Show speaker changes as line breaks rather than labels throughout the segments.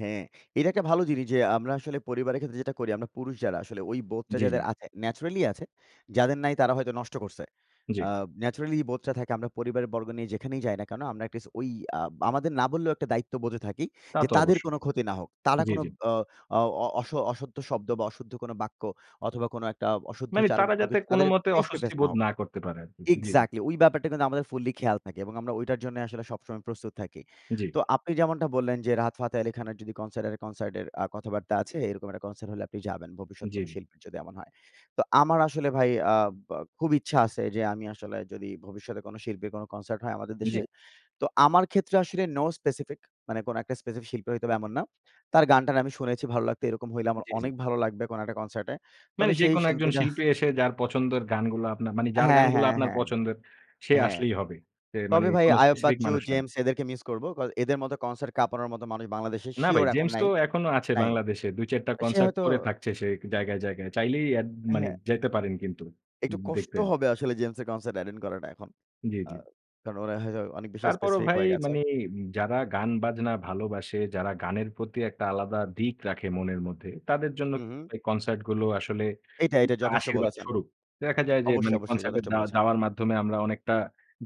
হ্যাঁ। এটা একটা ভালো জিনিস যে, আমরা আসলে পরিবারের ক্ষেত্রে যেটা করি, আমরা পুরুষ যারা, আসলে ওই বোধটা
জি, জি।
যাদের আছে, নেচারাল্লি আছে, যাদের নাই তারা হয়তো নষ্ট করছে।
জি।
আ নেচারাল্লি বোধটা থাকে আমরা পরিবারের বর্গ নিয়ে যেখানেই যাই না কেন? আমরা অ্যাট লিস্ট ওই, আ আমাদের না বললেও একটা দায়িত্ববোধে থাকি
তা
যে,
তো
তাদের
অবশ্যই।
কোনো ক্ষতি না হোক। তারা
জি,
কোন
জি।
অ, অ অ অস অশুদ্ধ শব্দ বা অশুদ্ধ কোন বাক্য, অথবা কোনো একটা অশুদ্ধ
মানে
আচরণ,
তারা
কোনো
যাতে
কিছু তাদের
কোনোমতে
ফেস টু
অস্বস্তি
ফেস না
বোধ
হোক
না করতে পারে আরকি। জি, জি।
এক্সাক্টলি! ওই ব্যাপারটা কিন্তু আমাদের ফুল্লি খেয়াল থাকে এবং আমরা ওইটার জন্য আসলে সবসময় প্রস্তুত থাকি।
জি।
তো আপনি যেমনটা বললেন যে, রাহাত ফাতে আলী খানের যদি কনসার্টের, কনসার্টের এ্যা কথাবার্তা আছে, এরকম একটা কনসার্ট হলে আপনি যাবেন, ভবিষ্যতে কোনো
জি।
শিল্পীর যদি এমন হয়। তো আমার আসলে ভাই, আ বা খুব ইচ্ছা আছে যে, আমি আসলে যদি ভবিষ্যতে কোনো শিল্পীর, কোন কনসার্ট হয় আমাদের
জি।
দেশে, তো আমার ক্ষেত্রে আসলে নো স্পেসিফিক, মানে কোন একটা স্পেসিফিক শিল্পী হইতে হবে এমন না। তার গান-টান আমি শুনেছি, ভালো লাগতো, এরকম হইলে আমার
জি, জি।
অনেক ভালো লাগবে, কোন একটা কনসার্টে।
মানি
তবে সেই
যেকোনো একজন
শিল্পীটা
শিল্পী এসে যার পছন্দের গানগুলো আপনার, মানে যার
হ্যাঁ,
গানগুলো
হ্যাঁ,
আপনার
হ্যাঁ।
পছন্দের, সে
হ্যাঁ।
আসলেই হবে। সে মানি
তবে ভাই
কোন
আয়ুব
স্পেসিফিক
বাচ্চু,
মানুষ না।
জেমস এদেরকে মিস করব। কয এদের মতো কনসার্ট কাপানোর মতো মানুষ বাংলাদেশে
না ভাই,
সিউর এখন
জেমস তো
নাই
এখনো আছে
নাই।
বাংলাদেশে। ২-৪ টা
সে
কনসার্ট
হয়তো
করে থাকছে সে জায়গায়, জায়গায়। চাইলেই এড মানি
হ্যাঁ,
যাইতে পারেন কিন্তু
একটু কষ্ট
দেখতে।
হবে আসলে জেমসের কনসার্ট অ্যটেন্ড করাটা এখন।
জি, জি।
কারণ আ ওরা হয়তো অনেক বেশি
তারপরও
স্পেসিফিক
ভাই
হয়ে গেছে।
মানি যারা গান-বাজনা ভালোবাসে, যারা গানের প্রতি একটা আলাদা দিক রাখে মনের মধ্যে, তাদের জন্য
হুম, হুম।
কনসার্ট গুলো আসলে
এইটা, এইটা
অনেকটা
যথেষ্ট
আশীর্বাদ
বলেছেন।
স্বরূপ। দেখা যায় যে,
অবশ্যই,
মানি
অবশ্যই
কনসার্ট এ
যথেষ্ট
যা
বলেছেন।
যাওয়ার মাধ্যমে আমরা অনেকটা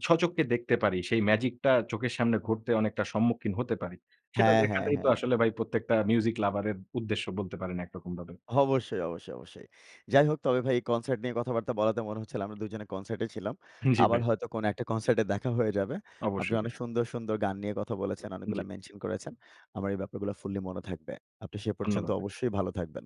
সচক্ষে দেখতে পারি। সেই মেজিক টা চোখের সামনে ঘটতে, অনেকটা সম্মুখিন হতে পারি। সেটা
হ্যাঁ, হ্যাঁ,
দেখাটাই তো
হ্যাঁ।
আসলে ভাই প্রত্যেকটা মিউসিক এর উদ্দেশ্য বলতে পারেন একরকমভাবে।
অবশ্যই, অবশ্যই, অবশ্যই। যাই হোক তবে ভাই এই কনসার্ট নিয়ে কথাবার্তা বলাতে মনে হচ্ছিল আমরা ২ জনে কনসার্টে ছিলাম।
জি,
আবার
ভাই।
হয়তো কোন একটা কনসার্টে দেখা হয়ে যাবে। আপনি
অবশ্যই ভাই।
অনেক সুন্দর, সুন্দর গান নিয়ে কথা বলেছেন,
জি।
অনেকগুলা মেনশন করেছেন। আমার এই ব্যাপারগুলা ফুল্লি মনে থাকবে। আপনি সে পর্যন্ত
ধন্যবাদ ভাই।
অবশ্যই ভালো থাকবেন।